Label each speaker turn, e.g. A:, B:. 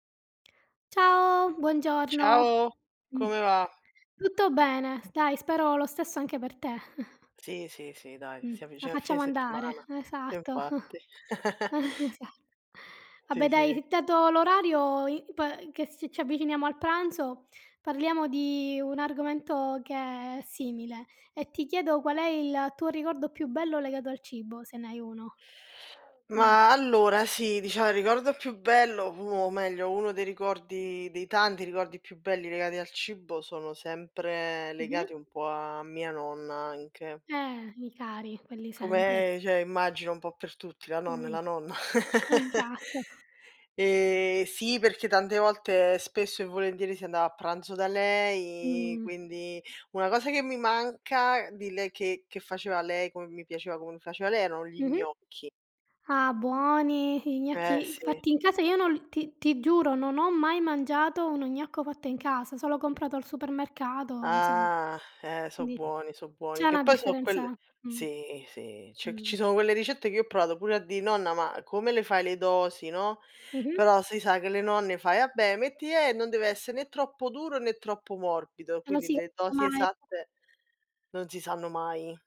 A: Ciao buongiorno.
B: Ciao,
A: Mh,
B: come va?
A: tutto bene, s dai spero lo stesso anche per te.
B: Sì, sì, sì, dai,
A: Mh,
B: si
A: la
B: avvicina il fine
A: facciamo andare,
B: settimana.
A: esatto.
B: Infatti.
A: Eh, esa
B: Sì,
A: vabbè
B: sì.
A: dai, dato l'orario, i po che si ci avviciniamo al pranzo, parliamo di un argomento che è simile, e ti chiedo qual è il tuo ricordo più bello legato al cibo se ne hai uno. Mh.
B: Ma allora sì, dicia il ricordo più bello, pu o meglio uno dei ricordi dei tanti ricordi più belli legati al cibo sono sempre legati un
A: Mh-mh.
B: po' a mia nonna anche.
A: Eh, i cari, quelli sempre.
B: Come, cioè immagino un po' per tutti, la nonna è
A: Mh.
B: la nonna.
A: Esatto.
B: Ehm, sì, perché tante volte, spesso e volentieri, si andava a pranzo da lei,
A: Mh.
B: quindi una cosa che mi manca di lei che che faceva lei, come mi piaceva come li faceva lei, erano gli
A: Mh-mh.
B: gnocchi.
A: Ah, buoni, i
B: Eh
A: gnocchi
B: sì.
A: fatti in casa, io non l ti ti giuro non ho mai mangiato uno gnocco fatto in casa, solo comprato al supermercato, insomma.
B: Ah, eh so'
A: Di
B: buoni, so'
A: c'è
B: buoni. Che
A: una
B: poi so'
A: differenza
B: quelle
A: mh.
B: sì, sì, cioè c
A: Mh.
B: ci sono quelle ricette che io ho provato pure a dì: "Nonna, ma come le fai le dosi," no.
A: Mh-mh.
B: Però si sa che le nonne fai: "Ah beh metti e non deve essere né troppo duro, né troppo morbido," quindi le dosi
A: [unintelligible]
B: esatte non si sanno mai.